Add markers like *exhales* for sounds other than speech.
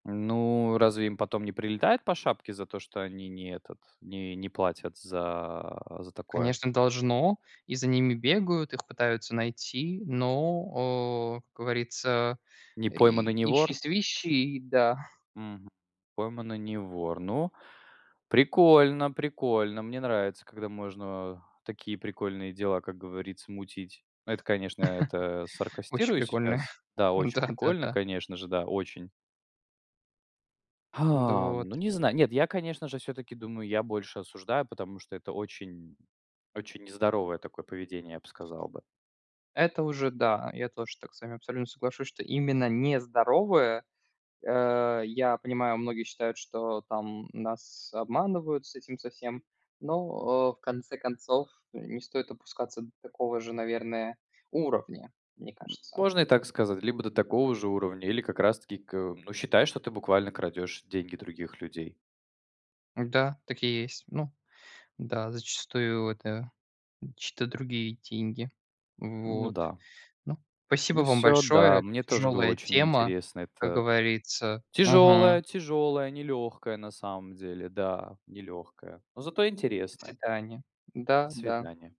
Ну, разве им потом не прилетает по шапке за то, что они не этот, не не платят за за такое? Конечно, должно. И за ними бегают, их пытаются найти, но, о, как говорится, Не пойман и и не вор? ищи-свищи, да. Мгм. Пойман и не вор. Ну, прикольно, прикольно. Мне нравится, когда можно, а, такие прикольные дела, как говорится, мутить. Это, конечно, это *laughs* Очень саркастирую прикольно. сейчас. Да, очень *chuckles* прикольно, Да-да-да. конечно же, да, очень. Да *exhales* вот. Ну, не знаю. Нет, я, конечно же, всё-таки думаю, я больше осуждаю, потому что это очень очень нездоровое такое поведение, я б сказал бы. Это уже да, я тоже так с вами абсолютно соглашусь, что именно не здоровое. Э, я понимаю, многие считают, что там нас обманывают с этим со всем, но, э, в конце концов не стоит опускаться до такого же, наверное, уровня, мне кажется. Можно и так сказать, либо до такого же уровня, или как раз таки к ну, считай, что ты буквально крадешь деньги других людей. Да, так и есть. Ну да, зачастую это чьи-то другие деньги. Ну Вот. да. Ну, спасибо Ну вам всё, да. большое. Мне тоже было Тяжелая очень тема, интересно. как Это говорится. Мгм. тяжелая, тяжелая, нелегкая на самом деле. Да, нелегкая. Но зато До интересная. свидания. До Да, да. свидания.